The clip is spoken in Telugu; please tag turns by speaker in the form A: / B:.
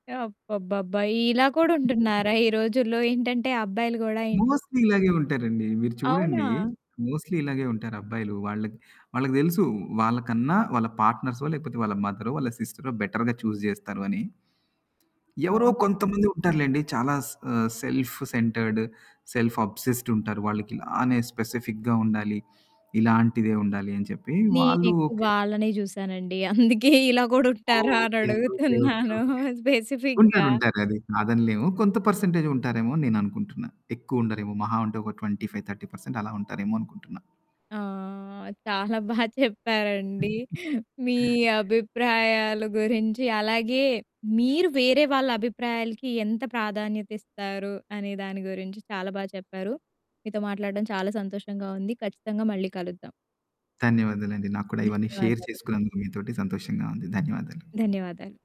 A: అబ్బాబ్బాబ్బా! ఇలా కూడా ఉంటున్నారా ఈ రోజుల్లో? ఏంటంటే అబ్బాయిలు గూడా ఏంటి?
B: మోస్ట్‌లీ ఇలాగే ఉంటారండి. మీరు చూడండి
A: అవునా!
B: మోస్ట్‌లీ ఇలాగే ఉంటారు అబ్బాయిలు. వాళ్ళకి, వాళ్ళకి దెలుసు వాళ్ళకన్నా వాళ్ళ పార్ట్నర్సో, లేకపోతే వాళ్ళ మదరో, వాళ్ళ సిస్టరో, బెటర్‌గా చూజ్ జేస్తారు అని. ఎవరో
A: అవును.
B: కొంతమంది ఉంటారులెండి. చాలా స ఆహ్, సెల్ఫ్ సెంటర్డ్, సెల్ఫ్ అబ్సెస్ట్ ఉంటారు. వాళ్ళకి ఇలానే స్పెసిఫిక్‌గా ఉండాలి. ఇలాంటిదే ఉండాలి అని చెప్పి, వాళ్ళు
A: నేనెక్కువ
B: ఓకే.
A: వాళ్ళనే చూసానండి. అందుకే ఇలా గూడా
B: ఓహ్!
A: ఉంటారా అని
B: ఓకే. ఓకే. ఓకే.
A: అడుగుతున్నాను
B: ఓకే.
A: స్పెసిఫిక్‌గా.
B: ఉంటారు ఉంటారు. అది కాదనలేము. కొంత పర్సెంటేజే ఉంటారేమో అని నేననుకుంటున్నా. ఎక్కువుండరేమో మహా ఉంటే ఒక 25, 30 పర్సెంట్ అలా ఉంటారేమో అనుకుంటున్నా.
A: ఆ! చాలా బా చెప్పారండి. మీ అభిప్రాయాల గురించి, అలాగే మీరు వేరే వాళ్ళ అభిప్రాయాలకి ఎంత ప్రాధాన్యత ఇస్తారు అనే దాని గురించి, చాలా బా చెప్పారు. మీతో మాట్లాడడం చాలా సంతోషంగా ఉంది. ఖచ్చితంగా మళ్ళీ కలుద్దాం.
B: ధన్యవాదాలండి. నాకు కూడా ఇవన్నీ షేర్
A: ధన్యవాదాలు.
B: చేసుకున్నందుకు మీతోటి సంతోషంగా ఉంది. ధన్యవాదాలు.
A: ధన్యవాదాలు.